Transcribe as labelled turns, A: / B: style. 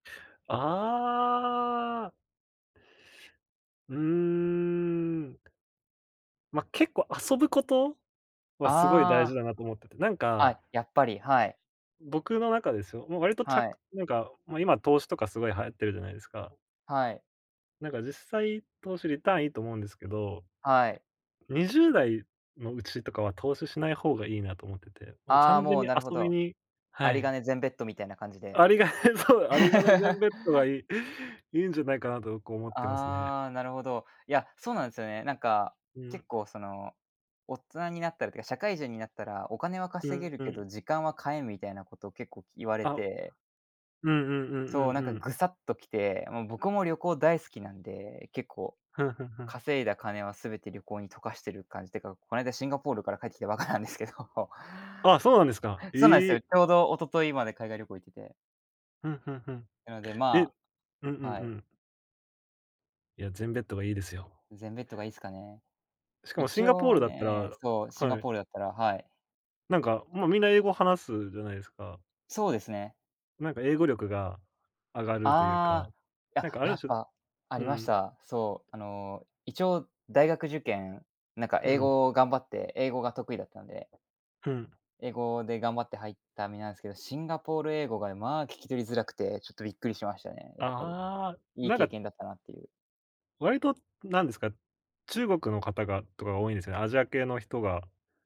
A: ああ。うーん。ま、結構遊ぶことはすごい
B: あ
A: 大事
B: あ。
A: だなと思ってて、なんか
B: あ、やっぱり、はい。
A: 僕の中ですよ、もう割とち
B: は
A: ゃ
B: い。
A: なんか、もう今投資とかすごい流行ってるじゃないですか。
B: はい。
A: なんか実際投資リターンいいと思うんですけど。
B: はい。
A: 20代のうちとかは投資しない方がいいなと思ってて、もう
B: ああ、
A: 完全
B: もう、
A: に
B: なるほ
A: 遊び
B: ど。
A: には
B: 有り
A: い。
B: 金全ベットみたいな感じで。
A: 有り金そう、有り金全 ベットがいい、いいんじゃないかなと僕思ってますね。
B: ああ、なるほど。いや、そうなんすよね。なんか、
A: うん。
B: 結構その、大人になったらってか、社会人になったら、お金は
A: う
B: 稼げ
A: ん
B: る
A: う
B: け
A: ん。
B: ど、時間は買えんみたいなことを結構言われ
A: あ。
B: て
A: うんうんうん
B: そう、な
A: う
B: んか
A: んうん。
B: グサッときて、もう僕も旅行大好きなんで、結構
A: ふんふんふん。
B: 稼いだ金はすべて旅行に溶かしてる感じってか、この間シンガポールから帰ってきたばっかなんですけど、
A: あ、そうなんですか。
B: そうなんです
A: え
B: よ、
A: え。
B: ちょうど一昨日まで海外旅行行ってて。
A: ふんふんふん。
B: なので、
A: え、う
B: ま
A: んうんう
B: はい。
A: ん。いや、全ベットがいいですよ。
B: 全ベットがいいすかね。
A: しかもシ
B: 一
A: ンガポー
B: 応
A: ルだったら
B: ね、そう、シンガ
A: はい。
B: ポールだったらはい。
A: なんか、もうみんな英語話すじゃないですか。
B: そうですね。
A: なんか英語力が上がるというか、
B: ああ、や
A: なんかあ
B: や
A: る
B: っ
A: 種
B: ぱあ
A: う
B: りまし
A: ん。
B: た。そう。あの一応大学受験なんか
A: う
B: 英
A: ん。
B: 語を頑張って、英語が得意だったんで。
A: うん。
B: 英語で頑張って入った身なんすけど、シンガポール英語が、まあ、聞き取りづらくて、ちょっとびっくりしましたね、やっぱり、
A: ああ、
B: いい
A: なん
B: 経
A: か
B: 験だったなっていう
A: 割となんですか、中国の方がとかが多いんですよね、アジア系の人が。